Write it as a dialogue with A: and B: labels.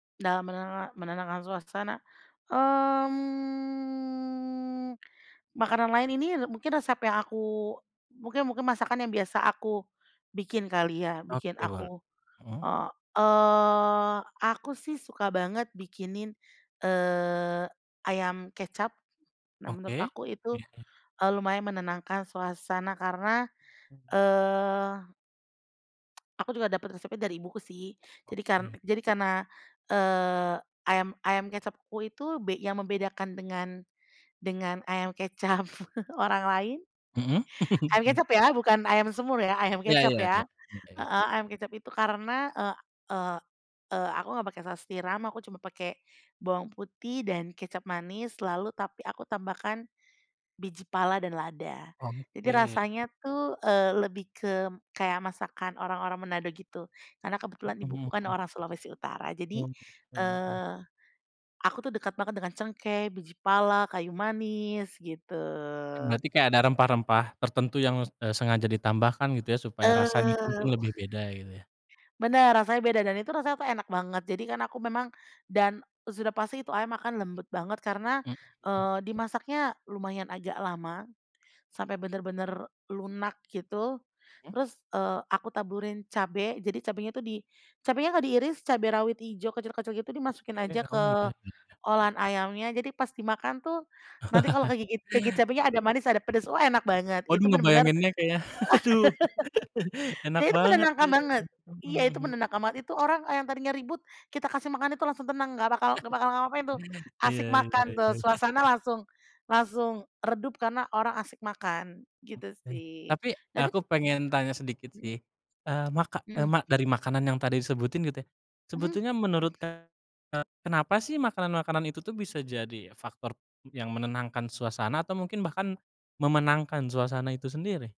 A: Dalam menena menenangkan suasana, mmm, makanan lain ini, eee, mungkin resep yang aku mungkin mungkin masakan yang biasa aku bikin kali ya bikin
B: Oke boleh,
A: aku
B: hmm.
A: heeh. Eee, aku sih suka banget bikinin, eee, ayam kecap. Nah menurut
B: Oke.
A: aku itu,
B: Iya iya.
A: eee, lumayan menenangkan suasana karena
B: Mhm.
A: eee aku juga dapat resepnya dari ibuku sih, jadi kar
B: Oke.
A: jadi karena, eee, ayam ayam kecapku itu be yang membedakan dengan dengan ayam kecap orang lain
B: Mhm.
A: ayam kecap ya bukan ayam semur ya, ayam
B: Ya
A: kecap
B: ya ya.
A: ya
B: Oke.
A: heeh, ayam kecap itu karena, eee eee eee, aku nggak pake saus tiram aku cuma pake bawang putih dan kecap manis, lalu tapi aku tambahkan biji pala dan lada. Jadi
B: Oke.
A: rasanya tuh, eee, lebih ke kayak masakan orang-orang Manado gitu karena
B: Mhm,
A: kebetulan ibuku kan
B: mmm.
A: orang Sulawesi Utara jadi,
B: Oh, gitu, iya.
A: eee, aku tuh dekat banget dengan cengkeh, biji pala, kayu manis gitu.
B: Mmm, berarti kayak ada rempah-rempah tertentu yang, eee, sengaja ditambahkan gitu ya supaya rasa itu
A: Eee,
B: pun lebih beda gitu ya?
A: bener, rasanya beda dan itu rasanya tuh enak banget, jadi kan aku memang dan sudah pasti itu ayam akan lembut banget karena,
B: Mmm, mhm.
A: eee, dimasaknya lumayan agak lama sampai bener-bener lunak gitu
B: Mhm.
A: terus, eee, aku taburin cabe, jadi cabenya itu di cabenya nggak diiris cabe rawit ijo, kecil-kecil gitu dimasukin aja
B: Oke, oh
A: ke
B: beda ya.
A: olahan ayamnya jadi pas dimakan tuh nanti kalau kegigit kegigit cabenya ada manis, ada pedes, wah enak banget itu
B: Waduh
A: bener-bener
B: ngebayanginnya kayak aduh. Enak
A: ya itu
B: banget
A: menenangkan
B: kayanya,
A: banget
B: mhm
A: iya itu
B: mhm.
A: menenangkan banget, itu orang yang tadinya ribut kita kasih makan itu langsung tenang gak bakal gak bakal ngapa-ngapain tuh,
B: Iya
A: asik
B: iya
A: makan tuh,
B: iya.
A: suasana langsung langsung redup karena orang asik makan gitu
B: Oke,
A: sih.
B: tapi
A: Tadi tu
B: aku pengen
A: mmm,
B: tanya sedikit
A: mhm.
B: sih, eee, maka eee,
A: Mhm.
B: mak dari makanan yang tadi disebutin gitu ya,
A: Mmm
B: sebetulnya
A: mmm.
B: menurut Kakak, eee, kenapa sih makanan-makanan itu tuh bisa jadi faktor yang menenangkan suasana atau mungkin bahkan memenangkan suasana itu sendiri?